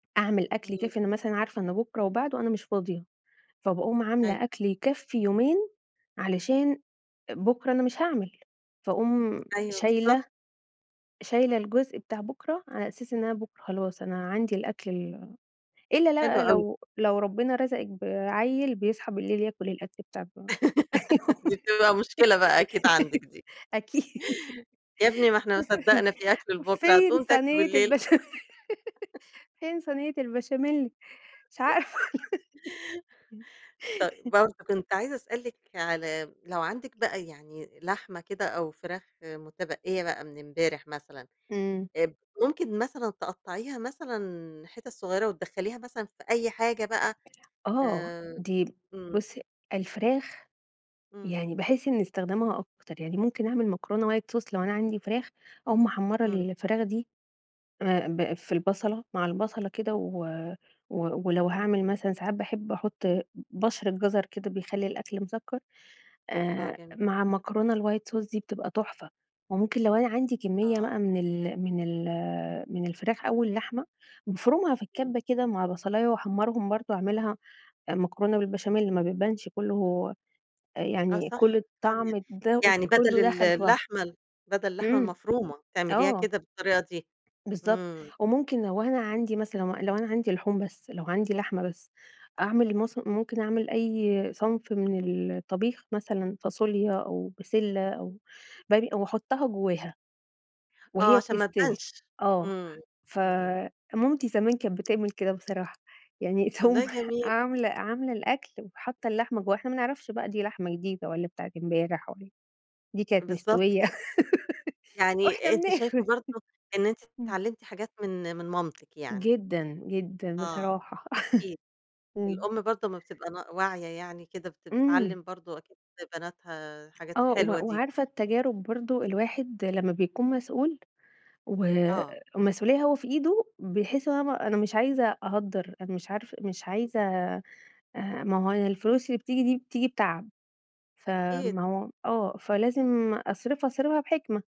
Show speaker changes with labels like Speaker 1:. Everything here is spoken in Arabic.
Speaker 1: أعمل أكل
Speaker 2: امم.
Speaker 1: يكفّي أنا مثلًا عارفة إن بكرة وبعده أنا مش فاضية، فباقوم
Speaker 2: أيوه.
Speaker 1: عاملة أكل يكفي يومين علشان بكرة أنا مش هاعمل. فأقوم
Speaker 2: أيوه،
Speaker 1: شايلة
Speaker 2: بالضبط.
Speaker 1: شايلة الجزء بتاع بكرة، على أساس إن أنا بكرة خلاص أنا عندي الأكل ال إلّا
Speaker 2: حلو
Speaker 1: بقى
Speaker 2: أوي.
Speaker 1: لو لو ربنا رزقِك بعيّل بيصحى بالليل ياكل الأكل بتاعكم
Speaker 2: دي بتبقى مشكلة بقى أكيد عندِك دي.
Speaker 1: [unintelligible] أكيد.
Speaker 2: يا ابني ما إحنا ما صدّقنا في أكل لبكرة
Speaker 1: فين
Speaker 2: هتقوم تاكله
Speaker 1: صينية
Speaker 2: بالليل؟
Speaker 1: البشام فين صينية البشاميل؟ مش عارفة.
Speaker 2: طيب،
Speaker 1: امم.
Speaker 2: برضو كنت عايزة أسألِك على لو عندِك بقى يعني لحمة كده أو فراخ متبقيّة بقى من امبارح مثلًا،
Speaker 1: امم.
Speaker 2: آآ ب ممكن مثلًا تقطعيها مثلًا حتت صغيرة وتدخليها مثلًا في أي حاجة بقى؟
Speaker 1: آه،
Speaker 2: آآ،
Speaker 1: دي
Speaker 2: امم.
Speaker 1: بُصي، الفراخ،
Speaker 2: امم.
Speaker 1: يعني باحس إن استخدمها أكتر، يعني ممكن أعمل مكرونة white sauce لو أنا عندي فراخ أو محمرة
Speaker 2: امم.
Speaker 1: الفراخ دي، آآ ب في البصلة، مع البصلة كده و ولو هاعمل مثلًا ساعات باحب أحط ب بَشرة جزر كده بيخلي الأكل مسكّر،
Speaker 2: آه،
Speaker 1: آآ،
Speaker 2: جميل.
Speaker 1: مع مكرونة الwhite sauce دي بتبقى تحفة. وممكن لو أنا عندي كمية بقى
Speaker 2: آه.
Speaker 1: من ال من ال من الفراخ أو اللحمة، بافرمها في
Speaker 2: امم.
Speaker 1: الكبة كده مع بصلاية واحمرهم برضو، أعملها مكرونة بالبشاميل ما بيبانش كلّه
Speaker 2: آه
Speaker 1: يعني
Speaker 2: صح،
Speaker 1: كل
Speaker 2: [unintelligible]
Speaker 1: الطعم ده
Speaker 2: يعني بدل
Speaker 1: كلّه
Speaker 2: ال
Speaker 1: دخل في بعضه.
Speaker 2: اللحمة ال بدل اللحمة
Speaker 1: امم،
Speaker 2: المفرومة، تعمليها
Speaker 1: آه.
Speaker 2: كده بالطريقة دي؟
Speaker 1: بالضبط،
Speaker 2: امم.
Speaker 1: وممكن لو أنا عندي مثلًا لو أنا عندي لحوم بس، لو عندي لحمة بس، أعمل مث ممكن أعمل
Speaker 2: ام
Speaker 1: أي صنف من الطبيخ مثلًا، فاصوليا أو بسلة أو باجي واحطها جواها،
Speaker 2: آه،
Speaker 1: وهي
Speaker 2: علشان ما
Speaker 1: بتستوي.
Speaker 2: تبانش؟
Speaker 1: آه،
Speaker 2: امم، امم.
Speaker 1: فمامتي زمان كانت بتعمل كده بصراحة، يعني تقوم
Speaker 2: والله جميل.
Speaker 1: عاملة عاملة الأكل وحاطّة اللحمة جواها، إحنا ما نعرفش بقى دي لحمة جديدة والّا بتاعة امبارح والّا دي كانت
Speaker 2: بالضبط
Speaker 1: مستوية.
Speaker 2: كده.
Speaker 1: وإحنا
Speaker 2: يعني أنتِ شايفة
Speaker 1: بناكل.
Speaker 2: برضو إن أنتِ
Speaker 1: امم.
Speaker 2: اتعلمتِ حاجات من من مامتِك يعني؟
Speaker 1: جدًا، جدًا
Speaker 2: آه،
Speaker 1: بصراحة.
Speaker 2: أكيد،
Speaker 1: امم.
Speaker 2: الأم برضو أما بتبقى ن واعية يعني كده بت بتعلم
Speaker 1: إمم.
Speaker 2: برضو أكيد بناتها الحاجات
Speaker 1: آه، و
Speaker 2: الحلوة دي.
Speaker 1: وعارفة التجارب برضو، الواحد لمّا بيكون مسؤول
Speaker 2: آه.
Speaker 1: والمسؤوليّة هو في إيده، بيحس إن هو أنا م أنا مش عايزة أ أهدّر، أنا مش عارف مش عايزة آآ، ما هو أنا الفلوس اللي بتيجي دي، بتيجي بتعب،
Speaker 2: أكيد.
Speaker 1: فما هو آه، فلازم أصرفها، أصرفها بحكمة.